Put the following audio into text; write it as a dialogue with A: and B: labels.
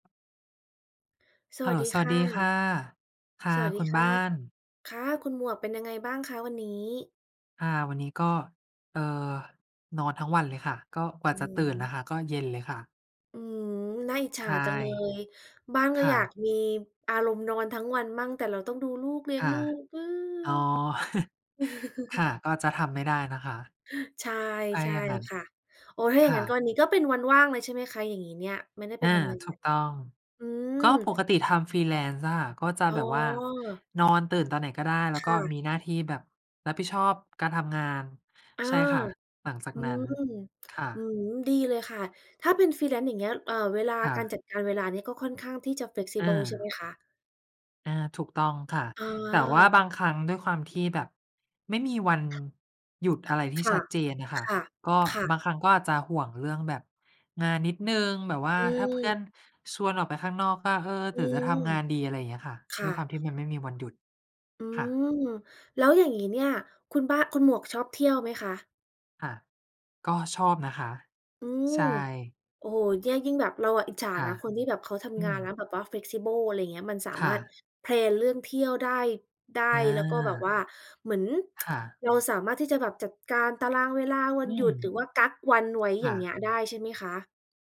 A: ส
B: เฮ
A: ว
B: ล
A: ั
B: โล
A: สดี
B: ส
A: ค
B: วัส
A: ่ะ
B: ดีค่ะ ค่
A: ส
B: ะ
A: วัสด
B: ค
A: ี
B: ุณ
A: คร
B: บ
A: ั
B: ้า
A: บ
B: น
A: ค่ะ คุณหมวกเป็นยังไงบ้างคะวันนี้?
B: อา วันนี้ก็ เอ่อ นอนทั้งวันเลยค่ะ ก็กว
A: อื
B: ่าจะต
A: อ
B: ื
A: ฮ
B: ่น น่ะ
A: ึ
B: ค่ะก็เย็นเลยค่ะ
A: อืม น่าอิจฉ
B: ใช
A: า
B: ่
A: จังเลย บ้าน
B: ค
A: ก็
B: ่
A: อยาก
B: ะ
A: มีอารมณ์นอนทั้งวันมั่ง แต่เราต้องดูลูก เลี้ย
B: ค
A: ง
B: ่ะ
A: ลูก
B: อ๋อ ค่ะ ก็จะทำไม่ได้นะคะ
A: ใช่
B: อะไร
A: ใช่
B: อย่างงั้น
A: ค่ะ โอ้ ถ้า
B: ค
A: อย่าง
B: ่
A: งั้นก็
B: ะ
A: วันนี้ก็เป็นวันว่างเลย ใช่ไหมคะ อย่างงี้เนี่ย? ไม่ได้ไ
B: อ
A: ป
B: า
A: ทำ งา
B: ถู
A: น
B: กต้อง
A: อื
B: ก
A: ม
B: ็ปกติทำ freelance อะค่ะ ก็จะ
A: อ๋
B: แ
A: อ
B: บบว่านอนตื่นตอนไหนก็ได้ แล้ว
A: ค
B: ก็
A: ่ะ
B: มีหน้าที่แบบรับผิดชอบการทำงาน
A: อ้า
B: ใช่ค่ะ
A: ว
B: หลังจาก
A: อื
B: นั้น
A: ม
B: ค่
A: อื
B: ะ
A: ม ดีเลยค่ะ ถ้าเป็น freelance อย่างเงี้ย เอ่อ เวลา
B: ค่
A: การ
B: ะ
A: จัดการเวลาเนี่ยก็ค่อนข้างที่จะ
B: อ
A: flexible ใช่ไห
B: า
A: มคะ?
B: อา ถูกต้องค่ะ
A: อ๋อ
B: แต่ว่าบางครั้ง ด้วยความที่แบบไม่มีวันหยุดอะไรที่
A: ค่
B: ช
A: ะ
B: ัดเจนน่ะค่ะ
A: ค่ะ
B: ก็
A: ค่
B: บ
A: ะ
B: างครั้งก็อาจจะห่วงเรื่องแบบงานนิดหนึ่ง แบบว่า
A: อื
B: ถ้าเพื่อ
A: ม
B: นชวนออกไปข้าง นอก ก็ "เออ
A: อ
B: หร
A: ื
B: ือจะท
A: ม
B: ำงานดี?" อะไรเงี้ยค่ะ
A: ค
B: ด
A: ่
B: ้
A: ะ
B: วยความที่มันไม่มีวันหยุด
A: อื
B: ค่ะ
A: ม แล้วอย่างงี้ เนี่ย คุณบ้า คุณหมวกชอบเที่ยวไหมคะ?
B: ค่ะ ก็ชอบนะคะ
A: อื
B: ใ
A: ม
B: ช่
A: โอ้โฮ เนี่ย ยิ่งแบบเราอะอิจฉา
B: ค่
A: น
B: ะ
A: ะ คนที่แบบเขาท
B: อ
A: ำ
B: ื
A: งานแล้
B: ม
A: วแบบว่า flexible อะไรเงี้ย มันสา
B: ค
A: ม
B: ่
A: ารถ
B: ะ
A: แพลน เรื่องเที่ยวได้ ได้ แล้วก็แบบว
B: อา
A: ่าเหมือน
B: ค่ะ
A: เราสามารถที่จะแบบจัดการตารางเวลาว
B: อ
A: ั
B: ื
A: นหยุ
B: ม
A: ด หรือว่ากั๊กวันไว้
B: ค
A: อย
B: ่
A: ่างเง
B: ะ
A: ี้ย ได้ใช่ไหมคะ?